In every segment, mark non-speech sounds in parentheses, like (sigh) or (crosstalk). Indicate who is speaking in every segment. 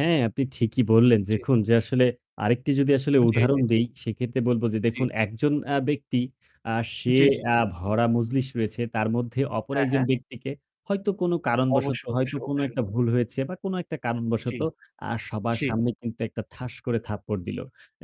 Speaker 1: হ্যাঁ, আপনি ঠিকই বললেন।
Speaker 2: জি।
Speaker 1: দেখুন যে আসলে আরেকটি যদি আসলে
Speaker 2: জি,
Speaker 1: উদাহরণ
Speaker 2: জি।
Speaker 1: দেই, সেক্ষেত্রে বলব যে
Speaker 2: জি।
Speaker 1: দেখুন একজন আ ব্যক্তি আ সে
Speaker 2: জি। জি।
Speaker 1: আ
Speaker 2: জি।
Speaker 1: ভরা মজলিস রয়েছে। তার মধ্যে অপর
Speaker 2: হ্যাঁ,
Speaker 1: একজন
Speaker 2: হ্যাঁ।
Speaker 1: ব্যক্তিকে হয়তো কোন কারণবশত
Speaker 2: অবশ্যই,
Speaker 1: হয়তো
Speaker 2: অবশ্যই,
Speaker 1: কোন
Speaker 2: অবশ্যই।
Speaker 1: একটা ভুল হয়েছে বা কোন একটা
Speaker 2: জি।
Speaker 1: কারণবশত আ সবার
Speaker 2: জি।
Speaker 1: সামনে কিন্তু একটা ঠাস করে থাপ্পড় দিল।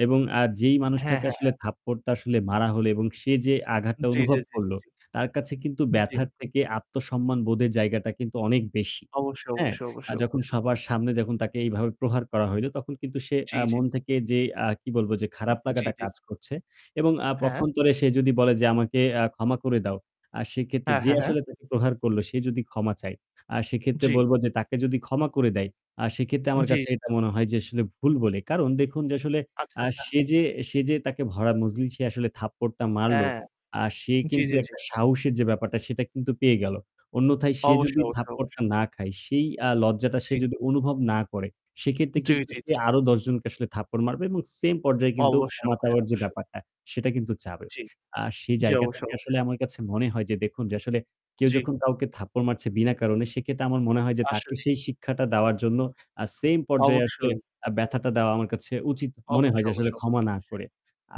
Speaker 1: এবং আ যেই
Speaker 2: হ্যাঁ,
Speaker 1: মানুষটাকে
Speaker 2: হ্যাঁ, হ্যাঁ।
Speaker 1: আসলে থাপ্পড়টা আসলে মারা হল এবং সে যে আঘাতটা
Speaker 2: জি, জি,
Speaker 1: অনুভব
Speaker 2: জি।
Speaker 1: করল
Speaker 2: জি।
Speaker 1: তার কাছে কিন্তু
Speaker 2: জি।
Speaker 1: ব্যথার থেকে আত্মসম্মানবোধের জায়গাটা কিন্তু অনেক বেশি।
Speaker 2: অবশ্যই,
Speaker 1: হ্যাঁ?
Speaker 2: অবশ্যই,
Speaker 1: আ
Speaker 2: অবশ্যই,
Speaker 1: যখন
Speaker 2: অবশ্যই।
Speaker 1: সবার সামনে যখন তাকে এইভাবে প্রহার করা হইল তখন কিন্তু সে
Speaker 2: জি,
Speaker 1: আ
Speaker 2: জি।
Speaker 1: মন থেকে যে আ কি বলব যে খারাপ
Speaker 2: জি,
Speaker 1: লাগাটা
Speaker 2: জি।
Speaker 1: কাজ করছে এবং আ
Speaker 2: হ্যাঁ।
Speaker 1: পক্ষান্তরে সে যদি বলে যে আমাকে আ ক্ষমা করে দাও, আ সেক্ষেত্রে
Speaker 2: হ্যাঁ।
Speaker 1: যে
Speaker 2: হ্যাঁ। হ্যাঁ।
Speaker 1: আসলে তাকে প্রহার করল সে যদি ক্ষমা চায়। আর সেক্ষেত্রে
Speaker 2: জি।
Speaker 1: বলব যে তাকে যদি ক্ষমা করে দেয় আ সেক্ষেত্রে আমার
Speaker 2: জি।
Speaker 1: কাছে এটা মনে হয় যে আসলে ভুল বলে। কারণ দেখুন যে আসলে
Speaker 2: আচ্ছা,
Speaker 1: আ
Speaker 2: আচ্ছা।
Speaker 1: সে যে সে যে তাকে ভরা মজলিসে আসলে থাপ্পড়টা মারল।
Speaker 2: হ্যাঁ।
Speaker 1: আ সে
Speaker 2: জি,
Speaker 1: কিন্তু
Speaker 2: জি, জি।
Speaker 1: একটা সাহসের যে ব্যাপারটা সেটা কিন্তু পেয়ে গেল। অন্যথায় সে যদি
Speaker 2: অবশ্যই, অবশ্যই,
Speaker 1: থাপ্পড়টা
Speaker 2: অবশ্যই।
Speaker 1: না খায় সেই আ লজ্জাটা সে
Speaker 2: জি।
Speaker 1: যদি অনুভব না করে। সেক্ষেত্রে
Speaker 2: জি,
Speaker 1: কিন্তু
Speaker 2: জি,
Speaker 1: সে
Speaker 2: জি।
Speaker 1: আরও ১০ জনকে আসলে থাপ্পড় মারবে এবং same পর্যায়ে কিন্তু
Speaker 2: অবশ্যই,
Speaker 1: ক্ষমা
Speaker 2: অবশ্যই,
Speaker 1: চাওয়ার যে
Speaker 2: অবশ্যই।
Speaker 1: ব্যাপারটা সেটা কিন্তু চাবে।
Speaker 2: জি।
Speaker 1: আর সেই
Speaker 2: জি।
Speaker 1: জায়গা
Speaker 2: অবশ্যই,
Speaker 1: থেকে আসলে
Speaker 2: অবশ্যই।
Speaker 1: আমার কাছে মনে হয় যে দেখুন, যে আসলে কেউ
Speaker 2: জি।
Speaker 1: যখন কাউকে থাপ্পড় মারছে বিনা কারণে সেক্ষেত্রে আমার মনে হয় যে তাকে
Speaker 2: আসলেই।
Speaker 1: সেই শিক্ষাটা দেওয়ার জন্য আ same পর্যায়ে আসলে
Speaker 2: অবশ্যই।
Speaker 1: আ ব্যথাটা দেওয়া আমার কাছে উচিত মনে হয়
Speaker 2: অবশ্যই,
Speaker 1: যে আসলে
Speaker 2: অবশ্যই,
Speaker 1: ক্ষমা না
Speaker 2: অবশ্যই।
Speaker 1: করে।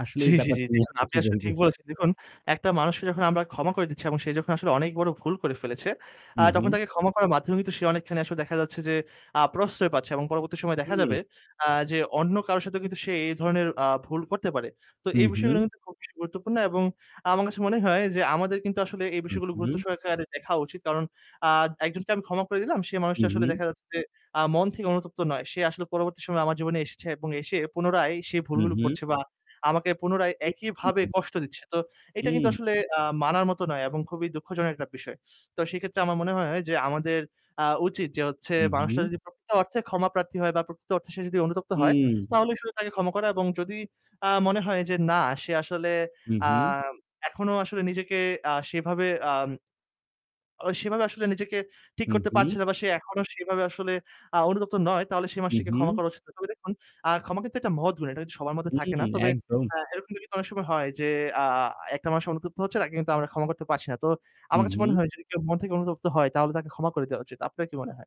Speaker 1: আসলে
Speaker 2: জি,
Speaker 1: এই
Speaker 2: জি, জি।
Speaker 1: ব্যাপারটা নিয়ে
Speaker 2: দেখুন,
Speaker 1: আপনি
Speaker 2: আপনি
Speaker 1: কি
Speaker 2: আসলে
Speaker 1: বলবেন?
Speaker 2: ঠিক বলেছেন। দেখুন, একটা মানুষকে যখন আমরা ক্ষমা করে দিচ্ছি এবং সে যখন আসলে অনেক বড় ভুল করে ফেলেছে,
Speaker 1: হু,
Speaker 2: আ তখন
Speaker 1: হু।
Speaker 2: তাকে ক্ষমা করার মাধ্যমে কিন্তু সে অনেকখানি আসলে দেখা যাচ্ছে যে, আ প্রশ্রয় পাচ্ছে এবং পরবর্তী সময়ে দেখা
Speaker 1: হুম।
Speaker 2: যাবে, আ যে অন্য কারো সাথে কিন্তু সে এই ধরনের আ ভুল করতে পারে। তো
Speaker 1: হু,
Speaker 2: এই বিষয়গুলো
Speaker 1: হু।
Speaker 2: কিন্তু খুব বেশি গুরুত্বপূর্ণ। এবং আমার কাছে মনে হয় যে আমাদের কিন্তু আসলে এই
Speaker 1: হু,
Speaker 2: বিষয়গুলো গুরুত্ব
Speaker 1: হু।
Speaker 2: সহকারে দেখা উচিত। কারণ আ একজনকে আমি ক্ষমা করে দিলাম। সে
Speaker 1: হু,
Speaker 2: মানুষটা আসলে
Speaker 1: হু।
Speaker 2: দেখা যাচ্ছে যে, আ মন থেকে অনুতপ্ত নয়। সে আসলে পরবর্তী সময়ে আমার জীবনে এসেছে এবং এসে পুনরায় সে
Speaker 1: হু,
Speaker 2: ভুলগুলো
Speaker 1: হু।
Speaker 2: করছে বা আমাকে পুনরায় একইভাবে
Speaker 1: (unintelligible)
Speaker 2: কষ্ট দিচ্ছে। তো এইটা কিন্তু
Speaker 1: হুম।
Speaker 2: আসলে আ মানার মতো নয় এবং খুবই দুঃখজনক একটা বিষয়। তো সেক্ষেত্রে আমার মনে হয় যে আমাদের আ উচিত যে হচ্ছে
Speaker 1: হু,
Speaker 2: মানুষটা
Speaker 1: হুম।
Speaker 2: যদি প্রকৃত অর্থে ক্ষমাপ্রার্থী হয় বা প্রকৃত অর্থে সে যদি অনুতপ্ত হয়
Speaker 1: উম।
Speaker 2: তাহলে শুধু তাকে ক্ষমা করা এবং যদি আ মনে হয় যে না সে আসলে
Speaker 1: হু,
Speaker 2: আ
Speaker 1: হু।
Speaker 2: এখনও আসলে নিজেকে আ সেভাবে আম ওই সেভাবে আসলে নিজেকে ঠিক
Speaker 1: হু,
Speaker 2: করতে
Speaker 1: হুম।
Speaker 2: পারছে না। বা সে এখনও সেভাবে আসলে আ অনুতপ্ত নয় তাহলে সে
Speaker 1: হু,
Speaker 2: মানুষটিকে ক্ষমা
Speaker 1: হু।
Speaker 2: করা উচিত নয়। তবে দেখুন, আ ক্ষমা কিন্তু একটা মহৎ গুণ। এটা কিন্তু সবার মধ্যে থাকে না।
Speaker 1: হুম,
Speaker 2: তবে
Speaker 1: একদম।
Speaker 2: আ এরকম কিন্তু অনেক সময় হয় যে, আ একটা মানুষ অনুতপ্ত হচ্ছে তাকে কিন্তু আমরা ক্ষমা করতে পারছি না। তো
Speaker 1: হু,
Speaker 2: আমার কাছে মনে
Speaker 1: হু।
Speaker 2: হয় যদি কেউ মন থেকে অনুতপ্ত হয় তাহলে তাকে ক্ষমা করে দেওয়া উচিত। আপনার কি মনে হয়?